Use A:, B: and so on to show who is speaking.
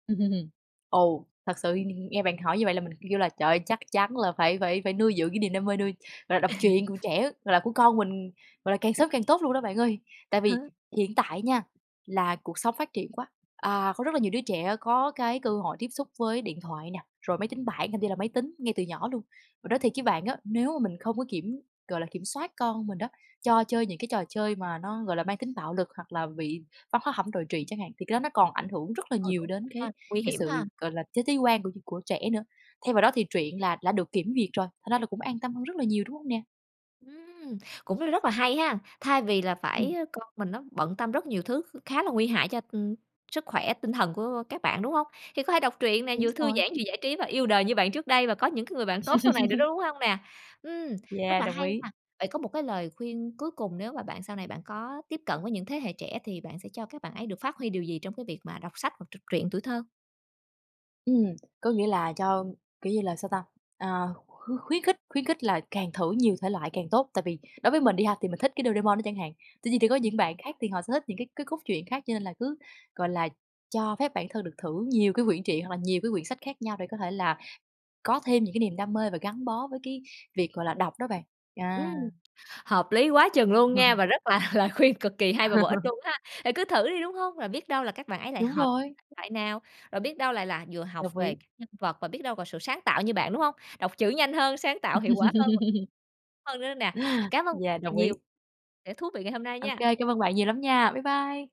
A: Ồ, thật sự th nghe bạn hỏi như vậy là mình kêu kêu là, trời ơi, chắc chắn là phải phải phải nuôi dưỡng cái niềm đam mê, nuôi gọi là, đọc truyện của trẻ, gọi là, của con mình, gọi là, càng sớm càng tốt luôn đó bạn ơi. Tại vì
B: Hớ?
A: hiện tại nha là cuộc sống phát triển quá, à, có rất là nhiều đứa trẻ có cái cơ hội tiếp xúc với điện thoại nè, rồi máy tính bảng, thậm chí là máy tính ngay từ nhỏ luôn. Mình nói thiệt với bạn á, nếu mà mình không có kiểm, gọi là, kiểm soát con mình đó, cho chơi những cái trò chơi mà nó, gọi là, mang tính bạo lực hoặc là bị văn hóa hẩm đồi trụy chẳng hạn, thì cái đó nó còn ảnh hưởng rất là
B: Ừ,
A: nhiều
B: cũng
A: đến
B: [unintelligible]
A: cái
B: ha, nguy
A: cái
B: hiểm
A: sự,
B: ha!
A: gọi là, thế giới quan của của trẻ nữa. Thay vào đó thì truyện là đã được kiểm duyệt rồi, thành ra là cũng an tâm hơn rất là nhiều, đúng hông nè?
B: Ừm, cũng rất rất là hay hen, thay vì là phải
A: Ừm.
B: ơ, con mình nó bận tâm rất nhiều thứ kh khá là nguy hại cho, ừm, sức khỏe tinh thần của, ơ, các bạn, đúng hông? Thì có thể đọc truyện nè,
A: Đúng
B: vừa thư
A: rồi.
B: giãn, vừa giải trí và yêu đời như bạn trước đây, và có những cái người bạn tốt sau này nữa đó, đúng hông nè? Ừm, rất
A: Yeah,
B: là
A: đồng
B: hay
A: ý.
B: ha! Vậy có một cái lời khuyên cuối cùng, nếu mà bạn sau này bạn có tiếp cận với những thế hệ trẻ thì bạn sẽ cho các bạn ấy được phát huy điều gì trong cái việc mà đọc sách hoặc trọc truyện tuổi thơ?
A: Ừm, có nghĩa là cho, kiểu như là, sao ta? À, kh khu khuyến khích khuyến khích là càng thử nhiều thể loại càng tốt, tại vì đối với mình nha thì mình thích cái Doraemon đó chẳng hạn, tuy nhiên thì có
B: Ừm.
A: những bạn khác thì họ sẽ thích những cái cái cốt truyện khác. Cho nên là cứ, gọi là, cho phép bản thân được thử nhiều cái quyển truyện, hoặc là nhiều cái quyển sách khác nhau để có thể là có thêm những cái niềm đam mê và gắn bó với cái việc, gọi là, đọc đó bạn. À.
B: Ừm, hợp lý quá chừng luôn nha, và rất là lời khuyên cực kỳ hay và bổ ích luôn ha? Ừ, cứ thử đi, đúng hông? Rồi biết đâu là các bạn ấy lại
A: Đúng
B: hợp với
A: rồi.
B: thể loại nào, rồi biết đâu lại là vừa học
A: Đồng
B: về
A: ý.
B: các nhân vật và biết đâu là sự sáng tạo như bạn, đúng hông? Đọc chữ nhanh hơn, sáng tạo hiệu quả hơn và hơn nữa nè, cám ơn
A: Yeah, đồng ý.
B: nhiều sẻ thú vị ngày hôm nay
A: Ô
B: nha!
A: kê, cảm ơn bạn nhiều lắm nha! Bye bye.